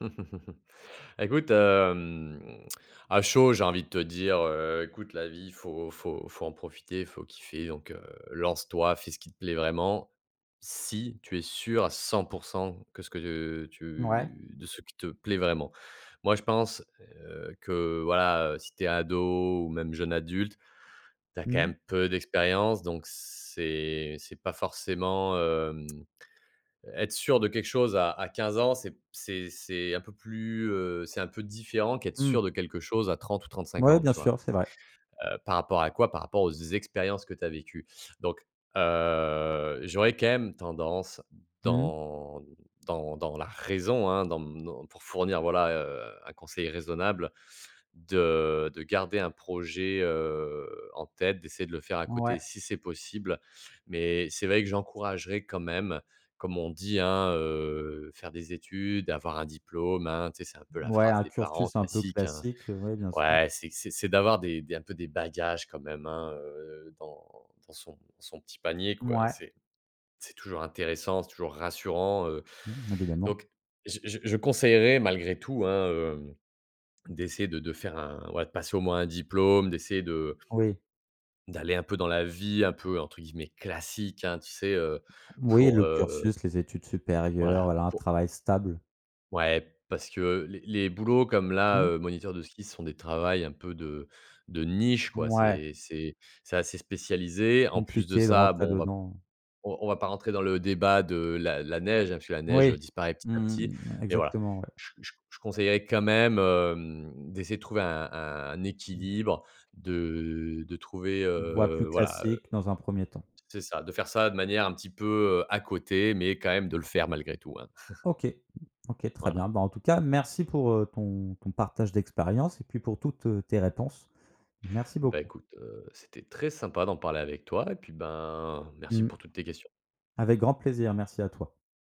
Écoute, hem, à chaud, j'ai envie de te dire, heu: «Écoute la vie, il faut faut faut en profiter, faut kiffer, donc heu, lance-toi, fais ce qui te plaît vraiment. Si tu es sûr à 100 % que ce que Mouais. tu de ce qui te plaît vraiment». Moi, je pense, heu, que voilà, si tu es ado ou même jeune adulte, tu as quand Mmh. même peu d'expérience, donc c'est c'est pas forcément, hem être sûr de quelque chose à à 15 ans, c'est p c'est c'est un peu plus, heu, c'est un peu différent qu'être Mmh. sûr de quelque chose à 30 ou 35 Mouais, ans, bien tu vois? sûr, c'est vrai. Heu, par rapport à quoi? Par rapport aux expériences que tu as vécues donc heu, j'aurais quand même tendance Mmh mh. dans dans dans la raison, hein, dans dans pour fournir, voilà, heu, un conseil raisonnable, de de garder un projet, heu, en tête, d'essayer de le faire à Ouais. côté si c'est possible, mais c'est vrai que j'encouragerais quand même, comme on dit, hein, heu, faire des études, avoir un diplôme, hein, tu sais, c'est un peu la Ouais, phrase un des parents cursus un peu classiques, hein, classique, oui, bien sûr. ouais, c'est q c'est c'est d'avoir des des un peu des bagages quand même, hein, heu, dans dans son son petit panier, quoi. Mouais. C'est c'est toujours intéressant, c'est toujours rassurant, heu, Mmh, évidemment. donc je je je conseillerais malgré tout, hein, heu, d'essayer de de faire un ouais, de passer au moins un diplôme, d'essayer de Oui. d'aller un peu dans la vie, un peu, entre guillemets, «classique», hein, tu sais, heu, Oui, pour, le heu cursus, les études supérieures, Voilà, voilà, un pour travail stable. Ouais, parce que les les boulots comme là, Mmh. heu, moniteur de ski, ce sont des travails un peu de de niche, quoi. Mouais. C'est c'est c'est assez spécialisé. En plus de Compliqué de ça, rentrer bon, on va dedans. on on va pas rentrer dans le débat de la la neige, hein, puisque la neige Oui, disparaît petit à mmh petit, mh. mais voilà. Exactement, ouais. Je je je conseillerais quand même, hem, d'essayer de trouver un un Mmh. équilibre, de de trouver, Une voie plus heu, voilà, heu. classique dans un 1er temps. C'est ça, de faire ça de manière un petit peu, heu, à côté, mais quand même de le faire malgré tout, hein. OK, OK, très Voilà. bien. Bah, tout cas, merci pour, heu, ton ton partage d'expérience et puis pour toutes, heu, tes réponses. Merci Bah beaucoup. écoute, heu, c'était très sympa d'en parler avec toi, et puis, ben, merci Mmh. pour toutes tes questions. Avec grand plaisir, merci à toi.